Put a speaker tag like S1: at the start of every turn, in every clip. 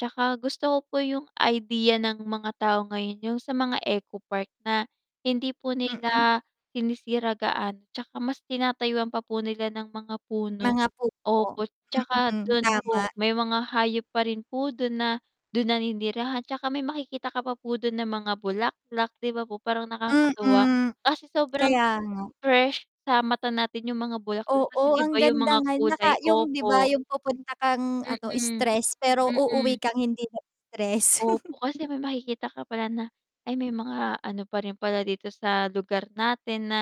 S1: Tsaka gusto ko po yung idea ng mga tao ngayon, yung sa mga ecopark na hindi po
S2: Mm.
S1: nila sinisira gaano, tsaka mas tinatayuan pa po nila ng mga puno.
S2: Mga puno.
S1: Opo. Tsaka
S2: Mm,
S1: dun
S2: tama.
S1: po may mga hayop pa rin po dun na dun naninirahan, tsaka may makikita ka pa po dun ng mga bulaklak, 'di ba po, parang nakakatuwa
S2: Mm,
S1: kasi sobrang
S2: kaya nga.
S1: fresh sa mata natin yung mga bulaklak, kasi,
S2: Oo,
S1: di
S2: ang
S1: ba, yung
S2: ganda
S1: mga
S2: nga naka
S1: kulay
S2: yung, 'di ba,
S1: opo.
S2: yung pupunta kang ano,
S1: Mm,
S2: stress pero
S1: mm.
S2: uuwi kang hindi na stress.
S1: Opo, kasi may makikita ka pala na, ay may mga ano pa rin pala dito sa lugar natin, na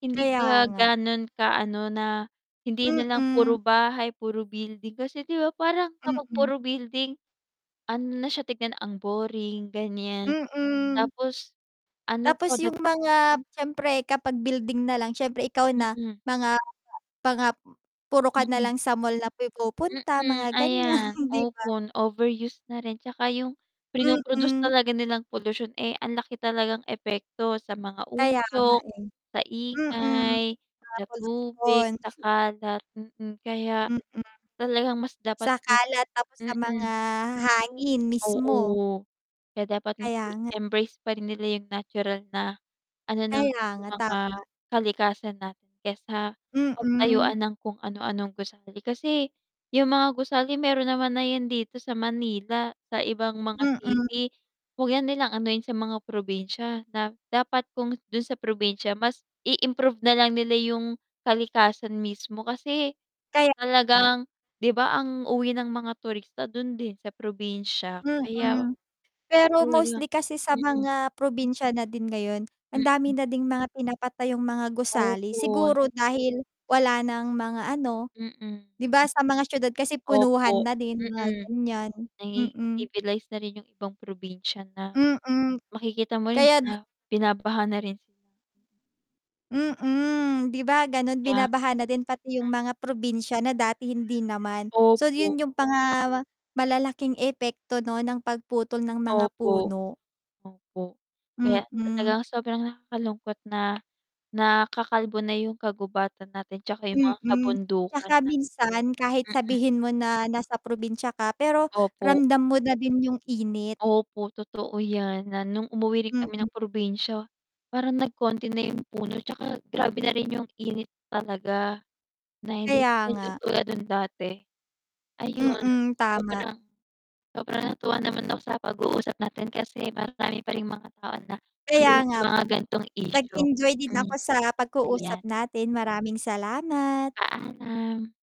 S1: hindi
S2: Kaya
S1: pa
S2: nga.
S1: ganon ka ano na hindi nalang
S2: Mm.
S1: puro bahay, puro building. Kasi, di ba, parang kapag
S2: Mm.
S1: puro building, ano na siya tignan, ang boring gan'yan
S2: Mm.
S1: tapos ano
S2: Tapos
S1: pa dag
S2: yung mga siyempre kapag building nalang siyempre ikaw na
S1: Mm.
S2: mga [unintelligible] puro ka
S1: Mm.
S2: nalang sa mall na pumupunta
S1: Mm,
S2: mga gan'yan,
S1: ayan,
S2: 'di ba?
S1: opo, overuse na rin tsaka yung prino produce
S2: Mm.
S1: talaga nilang polusyon, eh, ang laki talagang epekto sa mga
S2: Kaya nga
S1: usok
S2: eh.
S1: sa
S2: Mm.
S1: ingay, sa
S2: Tapos
S1: tubig,
S2: pon
S1: sa kalat, mm, kaya
S2: Mm.
S1: talagang mas dapat
S2: Sa
S1: po
S2: kalat, tapos sa
S1: mm.
S2: mga hangin mismo.
S1: Oo, kaya dapat mas
S2: Kaya
S1: i
S2: nga.
S1: embrace pa rin nila yung natural na ano, ng
S2: Kaya
S1: yung
S2: nga.
S1: mga
S2: Tama.
S1: kalikasan natin, kaysa
S2: Mm.
S1: pagtayuan ng kung ano-anong gusali. Kasi yung mga gusali meron naman na yan dito sa Manila, sa ibang mga
S2: Mm.
S1: city, 'wag na nilang anuhin sa mga probinsya. Da dapat kung dun sa probinsya, mas i improve nalang nila yung kalikasan mismo kasi
S2: Kaya nga.
S1: talagang, 'di ba, ang uwi ng mga turista dun din sa probinsya. Kaya
S2: Mm. Pero
S1: talagang
S2: mostly kasi sa
S1: mm.
S2: mga probinsya na din ngayon, ang dami
S1: Mm.
S2: na ding mga pinapatayong mga gusali,
S1: Opo
S2: siguro dahil wala ng mga ano,
S1: Mm.
S2: 'di ba, sa mga siyudad kasi punuhan
S1: Opo,
S2: na din mga
S1: mm.
S2: ganyan,
S1: Naging
S2: mm.
S1: civilize na rin yung ibang probinsya na
S2: Mm,
S1: makikita mo rin
S2: kaya
S1: bina binabaha na rin sila.
S2: Mm, 'di ba ganon,
S1: Ya
S2: binabaha na din pati yung mga probinsya na dati hindi naman. So, 'yun
S1: Opo.
S2: yung mga malalaking epekto 'no ng pagputol ng mga
S1: Opo,
S2: puno.
S1: opo. Kaya
S2: Mm.
S1: talagang sobrang nakakalungkot na nakakalbo na yung kagubatan natin tsaka yung mga
S2: Mm,
S1: kabundukan
S2: tsaka
S1: na.
S2: minsan kahit
S1: Mm.
S2: sabihin mo na nasa probinsya ka pero
S1: Opo.
S2: ramdam mo na din yung init.
S1: Opo totoo yan, na nung umuwi rin
S2: Mm.
S1: kami ng probinsya, parang nagkonti na yung puno tsaka grabe na rin yung init talaga, na hindi siya
S2: Kaya
S1: yung
S2: nga.
S1: tulad nun dati. Ayun,
S2: Mm, tama.
S1: sobrang sobrang natuwa naman na sa pag-uusap natin kasi marami pa ring mga tao na
S2: Kaya
S1: aware sa
S2: nga
S1: mga
S2: po,
S1: gantong
S2: nag
S1: isyu.
S2: enjoy din ako
S1: Mm,
S2: sa
S1: ayan.
S2: pag-uusap natin, maraming salamat.
S1: Paalam.